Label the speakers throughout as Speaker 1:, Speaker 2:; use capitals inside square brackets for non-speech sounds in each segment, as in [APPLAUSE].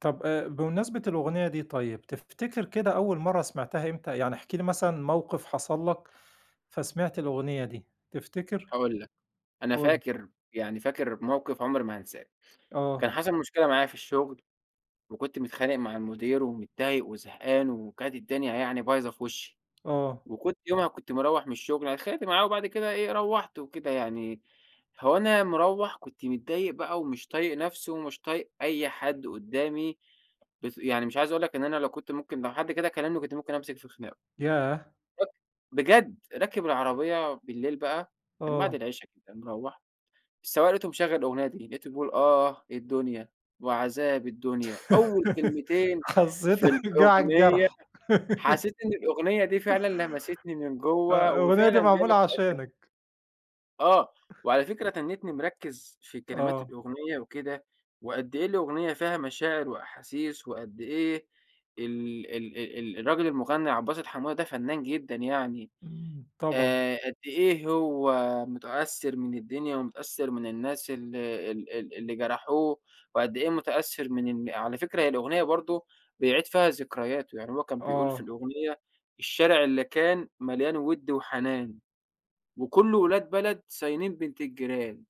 Speaker 1: طَب آآ، بمناسبة الأغنية دي طيب، تفتكِر كده أول مرَّة سمِعتها إمتى؟ يعني احكِ لي مثلًا موقِف حصَل لك فسمِعت الأغنية دي، تفتكر؟
Speaker 2: هاقول لك، أنا
Speaker 1: قُل.
Speaker 2: فاكر، يعني فاكر موقِف عُمري ما هانساه، كان
Speaker 1: آه.
Speaker 2: حصَل مشكلة معايا في الشغل وكنت متخانق مع المدير ومتضايق وزهقان وكانت الدنيا يعني بايظة في وشّي،
Speaker 1: آه.
Speaker 2: وكنت يومها كنت مروّح من الشغل، أنا اتخانقت معاه وبعد كده إيه، روّحت وكده يعني، هو أنا مروّح كنت متضايق بقى ومش طايق نفْسي ومش طايق أي حد قُدّامي، بس يعني مش عايز اقول لك إن أنا لو كنت ممكن لو حد كده كلّمني كنت ممكن أمسِك في خِناقُه.
Speaker 1: ياه!
Speaker 2: أك بجد راكِب العربية بالليل بقى من بَعد
Speaker 1: آه.
Speaker 2: العِشا كده مروّح، السوّاق لقيته مشغّل الأغنية دي، لقيته بيقول: "آه الدنيا وعذاب الدنيا."، أول
Speaker 1: [GIGGLES]
Speaker 2: كلمتين في
Speaker 1: حظّيت جَه على
Speaker 2: الأغنية
Speaker 1: الجرح
Speaker 2: حسّيت
Speaker 1: [GIGGLES]
Speaker 2: إن الأغنية دي فعلًا لمسِتني من
Speaker 1: آه،
Speaker 2: جوَّه
Speaker 1: الأغنية
Speaker 2: وفعلًا
Speaker 1: دي
Speaker 2: جا لي.
Speaker 1: معمولة
Speaker 2: [UNINTELLIGIBLE]
Speaker 1: عشانك.
Speaker 2: آه،
Speaker 1: [CHUCKLES]
Speaker 2: وعلى فكرة تنِّتني مركِّز في كلمات
Speaker 1: آه.
Speaker 2: الأغنية وكده وقد إيه الأغنية فيها مشاعر وأحاسيس وقد إيه ال ال ال ال الراجل المُغنّى عبد الباسط حموده ده فنان جدًا يعني.
Speaker 1: إمم. طبعًا.
Speaker 2: آآ قد إيه هو مُتأثِّر من الدنيا ومُتأثِّر من الناس ال ال ال اللي جرَحوه وقد إيه مُتأثِّر من إن على فكرة هي الأغنية برضه بيعِيد فيها ذكرياته، يعني هو كان بيقول في
Speaker 1: آه.
Speaker 2: الأغنية: "الشارع اللي كان مليان وِد وحنان وكله أولاد بلد صاينين بنت الجيران."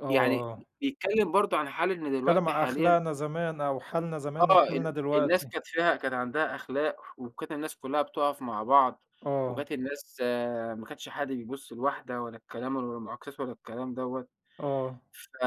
Speaker 1: آه،
Speaker 2: يعني
Speaker 1: آه.
Speaker 2: بيتكلّم برضه عن حال إن
Speaker 1: اتكلّم
Speaker 2: دلوقتي
Speaker 1: على
Speaker 2: حاليًا
Speaker 1: أخلاقنا زمان أو حالنا زمان
Speaker 2: آه ال
Speaker 1: وحالنا
Speaker 2: الناس
Speaker 1: دلوقتي.
Speaker 2: كانت فيها كانت عَندها أخلاق وكانت الناس كلّها بتُقَف مع بعض
Speaker 1: آه.
Speaker 2: وكانت الناس ما كانش حد بيبُص لواحدة ولا الكلام ولا المُعاكسات ولا الكلام دَوّة.
Speaker 1: آه.
Speaker 2: ف